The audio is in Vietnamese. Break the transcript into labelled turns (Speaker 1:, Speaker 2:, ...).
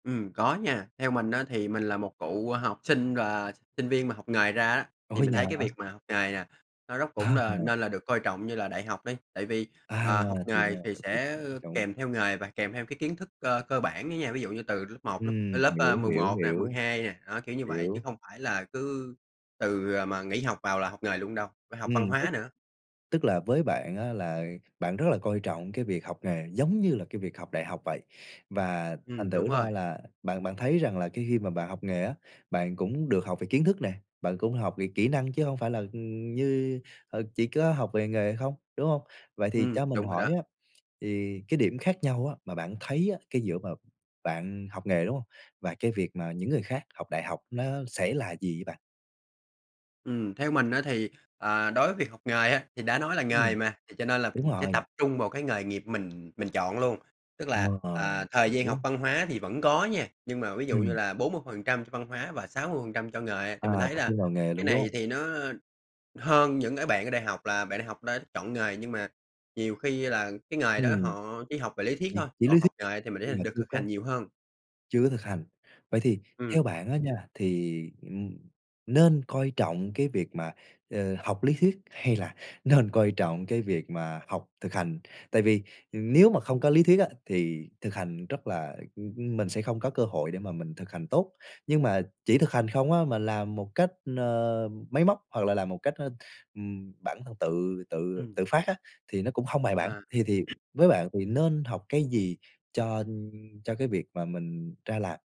Speaker 1: Ừm, có nha. Theo mình á thì mình là một cựu học sinh và sinh viên mà học nghề ra á, thì
Speaker 2: Ủa,
Speaker 1: mình
Speaker 2: nhà
Speaker 1: thấy cái việc
Speaker 2: hả?
Speaker 1: mà học nghề nè, nó rất cũng n
Speaker 2: À.
Speaker 1: nên là được coi trọng như là đại học đi. Tại vì,
Speaker 2: À,
Speaker 1: à, học
Speaker 2: thì
Speaker 1: nghề
Speaker 2: ra
Speaker 1: thì sẽ
Speaker 2: [unintelligible] trong
Speaker 1: kèm theo nghề và kèm theo cái kiến thức cơ cơ bản á nha, ví dụ như từ lớp 1, lớp
Speaker 2: Ừm,
Speaker 1: lớp, ơ,
Speaker 2: hiểu,
Speaker 1: mười
Speaker 2: hiểu,
Speaker 1: một nè, mười
Speaker 2: hiểu.
Speaker 1: hai nè. Á, kiểu như vậy, chứ
Speaker 2: Hiểu.
Speaker 1: không phải là cứ từ, à, mà nghỉ học vào là học nghề luôn đâu, phải học
Speaker 2: Ừm,
Speaker 1: văn
Speaker 2: tức
Speaker 1: hóa nữa.
Speaker 2: tức là với bạn á là bạn rất là coi trọng cái việc học nghề giống như là cái việc học đại học vậy. Và thành
Speaker 1: Ừm, đúng
Speaker 2: thử ra
Speaker 1: rồi.
Speaker 2: là bạn bạn thấy rằng là cái khi mà bạn học nghề á, bạn cũng được học về kiến thức nè, bạn cũng học về kỹ năng chứ hông phải là, ừm, như, ờ, chỉ có học về nghề không, đúng hông? Vậy thì
Speaker 1: Ừm,
Speaker 2: cho mình
Speaker 1: đúng rồi
Speaker 2: hỏi
Speaker 1: đó.
Speaker 2: á, thì cái điểm khác nhau á mà bạn thấy á, cái dựa vào bạn học nghề, đúng hông? Và cái việc mà những người khác học đại học, nó sẽ là gì vậy bạn?
Speaker 1: Ừm, theo mình á thì, à, đối với việc học nghề á, thì đã nói là nghề
Speaker 2: Ừm.
Speaker 1: mà, thì cho nên là
Speaker 2: Đúng
Speaker 1: mình sẽ
Speaker 2: rồi.
Speaker 1: tập trung vào cái nghề nghiệp mình mình chọn luôn. Tức
Speaker 2: Ờ,
Speaker 1: là, à,
Speaker 2: [unintelligible]
Speaker 1: thời gian học
Speaker 2: đúng.
Speaker 1: văn hóa thì vẫn có nha, nhưng mà ví dụ như
Speaker 2: Ừm.
Speaker 1: là 40% cho văn hóa và 60% cho nghề, thì mình
Speaker 2: À,
Speaker 1: thấy
Speaker 2: tập
Speaker 1: là
Speaker 2: trung vào nghề
Speaker 1: cái
Speaker 2: luôn, đúng
Speaker 1: này
Speaker 2: hông?
Speaker 1: thì nó hơn những cái bạn ở đại học là bạn đại học đã chọn nghề, nhưng mà nhiều khi là cái nghề đó
Speaker 2: Ừm.
Speaker 1: họ chỉ học về lý thuyết
Speaker 2: Thì
Speaker 1: thôi,
Speaker 2: chỉ
Speaker 1: còn
Speaker 2: lý
Speaker 1: học
Speaker 2: thuyết,
Speaker 1: nghề thì
Speaker 2: nhưng
Speaker 1: mình [unintelligible]
Speaker 2: mà
Speaker 1: được
Speaker 2: chưa
Speaker 1: thực
Speaker 2: có
Speaker 1: hành nhiều hơn.
Speaker 2: chưa có thực hành. Vậy thì
Speaker 1: Ừm.
Speaker 2: theo bạn á nha, thì, ừm, nên coi trọng cái việc mà, ờ, học lý thuyết hay là nên coi trọng cái việc mà học thực hành? Tại vì, ừ, nếu mà không có lý thuyết á, thì thực hành rất là ưm, ưm, mình sẽ không có cơ hội để mà mình thực hành tốt. Nhưng mà chỉ thực hành không á, mà làm một cách, ờ, máy móc hoặc là làm một cách, ơ, ừm, bản thân tự tự
Speaker 1: Ừm.
Speaker 2: tự phát á, thì nó cũng hông bài bản.
Speaker 1: À.
Speaker 2: Thì thì với bạn thì nên học cái gì cho cho cái việc mà mình ra làm?